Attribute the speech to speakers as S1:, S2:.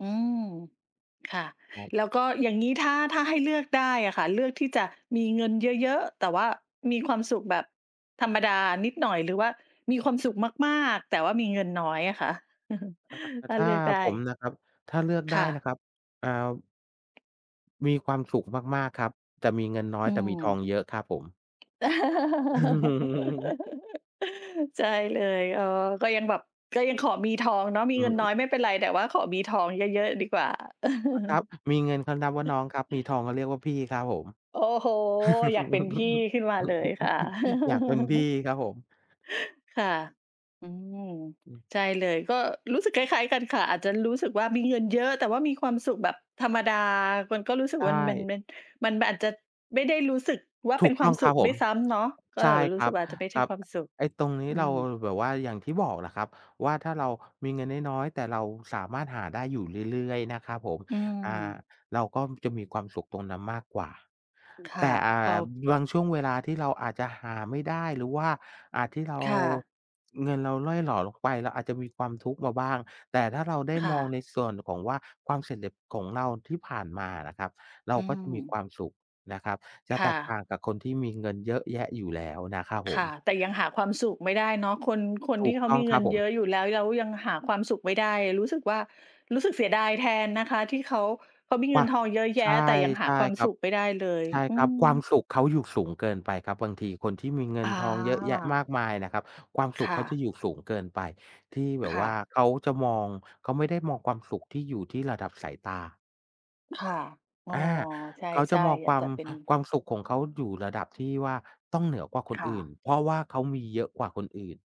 S1: อืม ค่ะ
S2: ครับ
S1: แล้วก็อย่างงี้ ถ้า ถ้าให้เลือกได้อะค่ะ เลือกที่จะมีเงินเยอะ ๆ แต่ว่ามีความสุขแบบธรรมดานิดหน่อย หรือว่ามีความสุขมาก ๆ แต่ว่ามีเงินน้อยอะคะ?
S2: อ่า
S1: ถ้
S2: ถ
S1: า
S2: ้า
S1: เลือกได
S2: ผ
S1: ้
S2: มนะครับ ถ้าเลือกไ
S1: ค
S2: ด้
S1: ่
S2: นะ
S1: ะ
S2: ครับ อ่า มีความสุขมาก ๆ ครับ จะมีเงินน้อ
S1: อ
S2: ย
S1: ื
S2: แต่มีทอง
S1: ม
S2: เยอะครับผม
S1: ใช่เลย อ๋อ ก็ยังแบบ ก็ยังขอมีทองเนาะ มี
S2: อื
S1: เงินน้
S2: อ
S1: อยไม่เป็นไร แต่ว่าขอมีทองเยอะ ๆ ดีกว่า
S2: อะครับ มีเงินเขานับว่าน้องครับ มีทองเขาเรียกว่าพี่ครับผม
S1: โอ้โฮ! อยากเป็นพี่ขึ้นมาเลยค่ะ
S2: อยากเป็นพี่ครับผม
S1: ค่ะ อืม
S2: อืม
S1: ใช่เลย ก็รู้สึกคล้าย ๆ กันค่ะ อาจจะรู้สึกว่ามีเงินเยอะ แต่ว่ามีความสุขแบบธรรมดา มันก็รู้สึ
S2: ใ
S1: ก
S2: ช
S1: ว่ามัน มัน
S2: ่
S1: มัน มัน มันอาจจะไม่ได้รู้สึกว่า
S2: ถ
S1: เป
S2: ู
S1: ็
S2: ก
S1: นค
S2: ต
S1: ว
S2: ้
S1: า
S2: อ
S1: ม
S2: งค
S1: ส
S2: ร
S1: ุ
S2: ับ
S1: ข
S2: ผ
S1: ด้
S2: ม
S1: วยซ้ำเนาะ ก็
S2: ใช
S1: แบ
S2: ่
S1: บจะร
S2: ค
S1: ู้
S2: ร
S1: ส
S2: ั
S1: ึ
S2: บ
S1: กว่าอาจจะไม่ใ
S2: ค
S1: ช
S2: ร
S1: ่
S2: ับ
S1: ความสุข
S2: ไอ้ตรงนี้
S1: อื
S2: เรา
S1: ม
S2: แบบว่าอย่างที่บอกแหละครับว่า ถ้าเรามีเงินน้อย ๆ แต่เราสามารถหาได้อยู่เรื่อย ๆ นะครับผม
S1: อื
S2: อ่า
S1: ม
S2: เราก็จะมีความสุขตรงนั้นมากกว่า
S1: ค
S2: แ
S1: ่
S2: ต
S1: ะ
S2: ่ อ่
S1: พอ
S2: า บางช่วงเวลาที่เราอาจจะหาไม่ได้ หรือว่าอะที่เรา
S1: ค่ะ
S2: เงินเราร่อยหรอลงไป เราอาจจะมีความทุกข์มาบ้าง แต่ถ้าเราได้
S1: ค่
S2: มอง
S1: ะ
S2: ในส่วนของว่า ความสำเร็จ ของเราที่ผ่านมาอะนะครับ เรา
S1: อื
S2: ก็จะมี
S1: ม
S2: ความสุขนะครับ จะ
S1: ค
S2: แ
S1: ่
S2: ตกต
S1: ะ
S2: ่างกับคนที่มีเงินเยอะแยะอยู่แล้วนะครับ
S1: ค
S2: ผ
S1: ่ะ
S2: ม
S1: แต่ยังหาความสุขไม่ได้เนาะ คน คน
S2: ถ
S1: ท
S2: ู
S1: ี่
S2: ก
S1: เข
S2: ต
S1: า
S2: ้อ
S1: ม
S2: ง
S1: ี
S2: ค
S1: เ
S2: ร
S1: งิ
S2: ับ
S1: น
S2: ผ
S1: เยอ
S2: ม
S1: ะอยู่แล้ว แล้วยังหาความสุขไม่ได้ รู้สึกว่า รู้สึกเสียดายแทนนะคะ ที่เขา เขามีเ
S2: ว
S1: งิ
S2: ้า
S1: น
S2: ว!
S1: ทองเยอะแย
S2: ใ
S1: ะ
S2: ช่
S1: แต่ยังห
S2: ใ
S1: า
S2: ช่
S1: ความ
S2: ครั
S1: ส
S2: บ
S1: ุขไม่ได้เลย
S2: ใช่
S1: อื
S2: ครับ ความ
S1: ม
S2: สุขเขาอยู่สูงเกินไปครับ บางทีคนที่มีเงิ
S1: อ
S2: นทองเยอะแยะม
S1: า
S2: ากมายนะครับ ความส
S1: ค
S2: ุข
S1: ่
S2: เขา
S1: ะ
S2: จะอยู่สูงเกินไป ที่แบบ
S1: ค
S2: ว
S1: ่
S2: ่า
S1: ะ
S2: เขาจะมอง เขาไม่ได้มองความสุขที่อยู่ที่ระดับสายตา
S1: ค่ะ อ๋อ
S2: อา
S1: ใช
S2: เขาจะ
S1: ่
S2: มอง
S1: ๆ อย
S2: ค
S1: า
S2: ว
S1: ก
S2: า
S1: จ
S2: ม
S1: ะเป็น
S2: ความสุขของเขาอยู่ระดับที่ว่า ต้องเหนือกว่าคน
S1: ค่
S2: อื่น
S1: ะ
S2: เพราะว่าเขามีเยอะกว่าคนอื่น